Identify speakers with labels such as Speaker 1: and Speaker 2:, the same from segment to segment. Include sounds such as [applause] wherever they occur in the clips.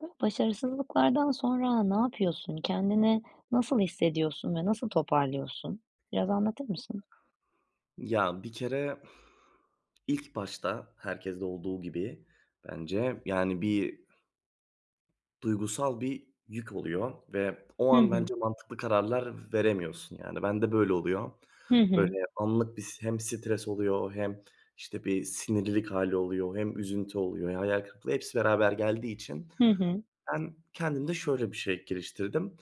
Speaker 1: [unintelligible] Başarısızlıklardan sonra ne yapıyorsun? Kendini nasıl hissediyorsun ve nasıl toparlıyorsun? Biraz anlatır mısın?
Speaker 2: Ya bir kere [exhales] ilk başta herkeste olduğu gibi bence, yani, bir duygusal bir yük oluyor. Ve o
Speaker 1: Hı
Speaker 2: an
Speaker 1: hı.
Speaker 2: bence mantıklı kararlar veremiyorsun. Yani, ben de böyle oluyor.
Speaker 1: Hı
Speaker 2: Böyle
Speaker 1: hı.
Speaker 2: anlık bir s hem stres oluyor hem işte bir sinirlilik hâli oluyor hem üzüntü oluyor. Hayal kırıklığı hepsi beraber geldiği için
Speaker 1: Hı hı.
Speaker 2: ben kendimde şöyle bir şey geliştirdim.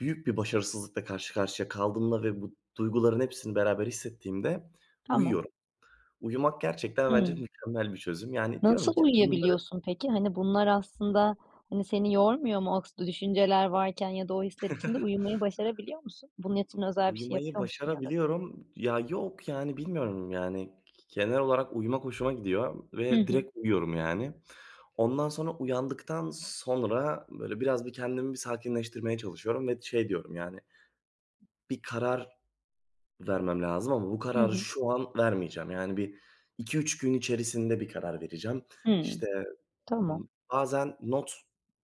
Speaker 2: Büyük bir başarısızlıkla karşı karşıya kaldığımda ve bu duyguların hepsini beraber hissettiğimde
Speaker 1: Tamam.
Speaker 2: uyuyorum. Uyumak gerçekten bence
Speaker 1: Hımm.
Speaker 2: mükemmel bir çözüm. Yani, diyorum
Speaker 1: Nasıl
Speaker 2: ki bunları
Speaker 1: uyuyabiliyorsun, peki? Hani, bunlar aslında, hani, seni yormuyor mu? O [unintelligible] düşünceler varken ya da o hisler içinde
Speaker 2: [chuckles]
Speaker 1: uyumayı başarabiliyor musun? Bunun için özel bir şey
Speaker 2: Uyumayı
Speaker 1: yapıyor musun ya da?
Speaker 2: başarabiliyorum. Ya, yok, yani, bilmiyorum, yani. Genel olarak uyumak hoşuma gidiyor
Speaker 1: Hı
Speaker 2: ve
Speaker 1: hı.
Speaker 2: direkt uyuyorum, yani. Ondan sonra, uyandıktan sonra böyle biraz bir kendimi bir sakinleştirmeye çalışıyorum. Ve şey diyorum, yani, bir karar vermem lazım ama bu
Speaker 1: Hı
Speaker 2: kararı
Speaker 1: hı.
Speaker 2: şu an vermeyeceğim. Yani, 1-2-3 gün içerisinde bir karar vereceğim.
Speaker 1: Hıı,
Speaker 2: İşte
Speaker 1: tamam.
Speaker 2: bazen not,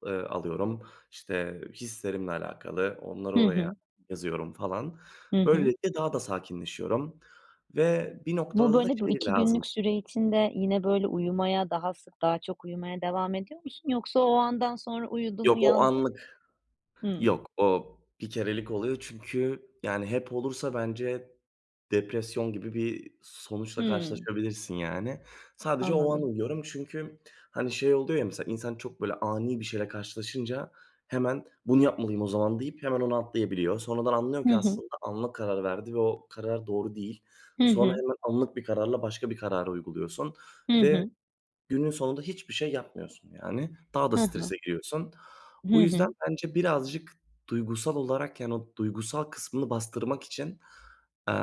Speaker 2: ııı, alıyorum, işte hislerimle alakalı, onları
Speaker 1: Hı
Speaker 2: oraya
Speaker 1: hı.
Speaker 2: yazıyorum falan.
Speaker 1: Hı hı.
Speaker 2: Böylelikle daha da sakinleşiyorum. Ve bir
Speaker 1: Bu
Speaker 2: noktada da
Speaker 1: böyle bu
Speaker 2: şey
Speaker 1: 2
Speaker 2: lazım
Speaker 1: günlük süre içinde yine böyle uyumaya daha sık daha çok uyumaya devam ediyor musun? Yoksa o andan sonra uyudun,
Speaker 2: Yok o
Speaker 1: uyandın.
Speaker 2: anlık.
Speaker 1: Hımm.
Speaker 2: Yok o bir kerelik oluyor. Çünkü, yani, hep olursa bence depresyon gibi bir sonuçla
Speaker 1: Hımm.
Speaker 2: karşılaşabilirsin, yani. Sadece o an
Speaker 1: Anladım.
Speaker 2: uyuyorum çünkü, hani, şey oluyor ya mesela insan çok böyle ani bir şeyle karşılaşınca hemen bunu yapmalıyım o zaman deyip hemen ona atlayabiliyor. Sonradan anlıyor
Speaker 1: Hı
Speaker 2: ki
Speaker 1: hı.
Speaker 2: aslında anlık o kararı verdi ve o karar doğru değil.
Speaker 1: Hı
Speaker 2: Sonra
Speaker 1: hı.
Speaker 2: hemen anlık bir kararla başka bir karar uyguluyorsun
Speaker 1: Hı
Speaker 2: ve
Speaker 1: hı.
Speaker 2: günün sonunda hiçbir şey yapmıyorsun, yani. Daha da
Speaker 1: Hı
Speaker 2: strese
Speaker 1: hı.
Speaker 2: giriyorsun.
Speaker 1: Hı
Speaker 2: Bu yüzden
Speaker 1: hı.
Speaker 2: bence birazcık duygusal olarak, yani, o duygusal kısmını bastırmak için eee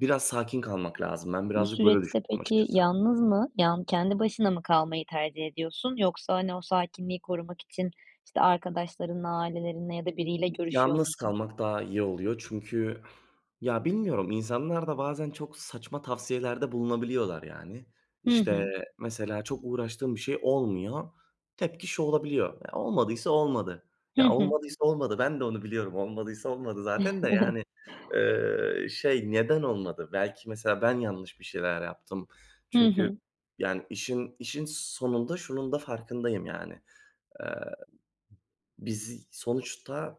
Speaker 2: biraz sakin kalmak lazım. Ben
Speaker 1: Bu
Speaker 2: birazcık böyle
Speaker 1: süreçte
Speaker 2: düşünüyorum
Speaker 1: peki
Speaker 2: açıkçası.
Speaker 1: yalnız mı, yal yani kendi başına mı kalmayı tercih ediyorsun yoksa, hani, o sakinliği korumak için, işte, arkadaşlarınla, ailelerinle ya da biriyle görüşüyor
Speaker 2: Yalnız
Speaker 1: musun?
Speaker 2: kalmak daha iyi oluyor. Çünkü, [exhales] ya, bilmiyorum insanlar da bazen çok saçma tavsiyeler de bulunabiliyorlar, yani.
Speaker 1: Hı
Speaker 2: İşte
Speaker 1: hı.
Speaker 2: mesela çok uğraştığım bir şey olmuyor. Tepki şu olabiliyor. Olmadıysa olmadı.
Speaker 1: Hı
Speaker 2: Ya
Speaker 1: hı.
Speaker 2: olmadıysa olmadı. Ben de onu biliyorum. Olmadıysa olmadı zaten de, yani,
Speaker 1: [giggles]
Speaker 2: ııı, şey neden olmadı? Belki mesela ben yanlış bir şeyler yaptım.
Speaker 1: Hı
Speaker 2: Çünkü
Speaker 1: hı.
Speaker 2: yani işin işin sonunda şunun da farkındayım, yani. Eee biz sonuçta